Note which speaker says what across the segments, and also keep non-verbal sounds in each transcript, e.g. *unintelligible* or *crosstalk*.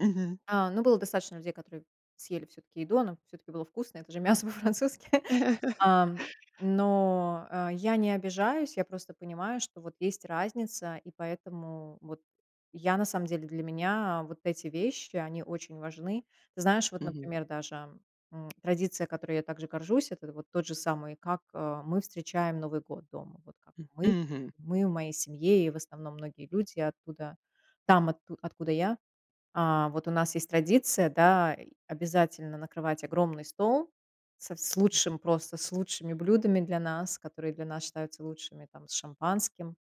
Speaker 1: Мгм.
Speaker 2: А, ну, было достаточно людей, которые съели всё-таки еду, оно всё-таки было вкусно, это же мясо по-французски, *chuckles*
Speaker 1: *laughs*
Speaker 2: ам. Но, э, я не обижаюсь. Я просто понимаю, что вот есть разница, и поэтому вот я, на самом деле, для меня вот эти вещи, они очень важны. Ты знаешь, вот,
Speaker 1: Мгм.
Speaker 2: например, даже, м, традиция, которой я также горжусь- это вот тот же самый, как, э, мы встречаем Новый год дома. Вот как
Speaker 1: М
Speaker 2: мы
Speaker 1: мгм.
Speaker 2: мы в моей семье и, в основном, многие люди оттуда, там, отку откуда я. А, вот у нас есть традиция, да, и обязательно накрывать огромный стол со вс с
Speaker 1: М.
Speaker 2: лучшим, просто с лучшими блюдами для нас, которые для нас считаются лучшими, там, с шампанским,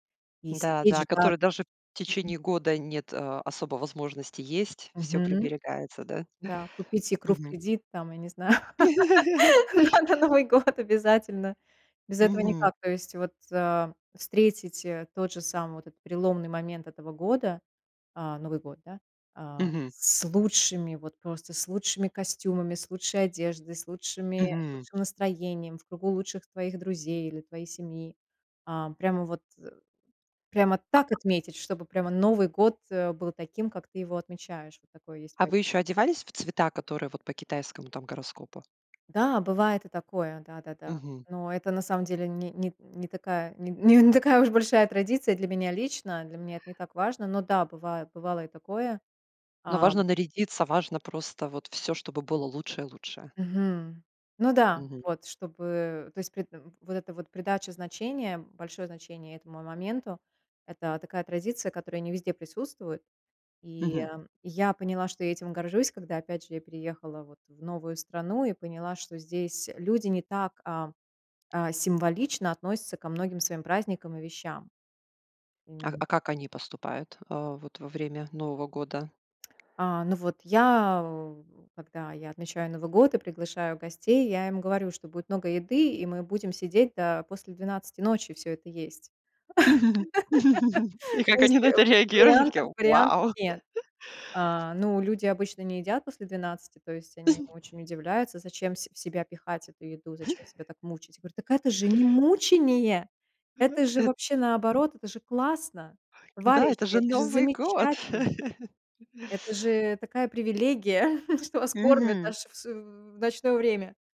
Speaker 2: и
Speaker 1: Да
Speaker 2: сидеть,
Speaker 1: да,
Speaker 2: ждать,
Speaker 1: который даже в
Speaker 2: мгм.
Speaker 1: течение года нет, а, особо возможности есть, всё
Speaker 2: Мгм,
Speaker 1: приберегается, да?
Speaker 2: да, купить икру
Speaker 1: *chuckles*
Speaker 2: в
Speaker 1: Мгм.
Speaker 2: кредит, там, я не знаю,
Speaker 1: *chuckles*
Speaker 2: *laughs* да, на Новый год обязательно, без этого
Speaker 1: Мгм.
Speaker 2: никак. То есть, вот, а, встретить, а, тот же самый вот этот переломный момент этого года, а, Новый год, да, а
Speaker 1: Мгм.
Speaker 2: с лучшими, вот просто с лучшими костюмами, с лучшей одеждой, с лучшими с
Speaker 1: Мгм.
Speaker 2: лучшим настроением, в кругу лучших твоих друзей или твоей семьи. Ам, прямо вот, э, прямо так
Speaker 1: А.
Speaker 2: отметить, чтобы прямо Новый год, э, был таким, как ты его отмечаешь. Вот такое есть.
Speaker 1: А вы ещё
Speaker 2: *unintelligible*
Speaker 1: одевались в цвета, которые вот по китайскому, там, гороскопу?
Speaker 2: Да, бывает и такое, да-да-да.
Speaker 1: Мгм.
Speaker 2: Но это на самом деле ни нит не такая нин н не такая уж большая и традиция для меня лично. Для меня это не так важно. Но да, бывает, бывало и такое,
Speaker 1: Но
Speaker 2: ам.
Speaker 1: важно нарядиться, важно просто вот всё, чтобы было лучшее-лучшее.
Speaker 2: Мгм. Ну да,
Speaker 1: Мгм.
Speaker 2: вот, чтобы, то есть, при тв вот эта вот придача значения, большое значение этому моменту- это такая традиция, которая не везде присутствует. И,
Speaker 1: Мгм.
Speaker 2: эм, я поняла, что я этим горжусь, когда, опять же, я переехала вот в новую страну и поняла, что здесь, э, люди не так, а а символично относятся ко многим своим праздникам и вещам.
Speaker 1: А
Speaker 2: М.
Speaker 1: а как они поступают, а, вот во время Нового года?
Speaker 2: А, ну вот я, в когда я отмечаю Новый год и приглашаю гостей, я им говорю, что будет много еды и мы будем сидеть до после 12 ночи всё это есть.
Speaker 1: *laughs* И
Speaker 2: *laughs* То
Speaker 1: как
Speaker 2: есть,
Speaker 1: они
Speaker 2: э,
Speaker 1: на это реагируют, они такие:
Speaker 2: вариантов вариантов
Speaker 1: "Вау!"
Speaker 2: нет.
Speaker 1: *laughs*
Speaker 2: А, ну, люди обычно не едят после 12. То есть они
Speaker 1: *chuckles*
Speaker 2: очень удивляются, зачем в се в себя пихать эту еду, зачем себя
Speaker 1: *chuckles*
Speaker 2: так мучить. Говорю: "Так это же не мучение,
Speaker 1: Ага,
Speaker 2: это же
Speaker 1: эт
Speaker 2: вообще наоборот, это же классно,
Speaker 1: Да,
Speaker 2: товарищи,
Speaker 1: это же
Speaker 2: это же
Speaker 1: Новый год.
Speaker 2: замечательно"
Speaker 1: *laughs*
Speaker 2: Это же такая привилегия, *chuckles* что вас кормят
Speaker 1: Мгм.
Speaker 2: даже в су в ночное время.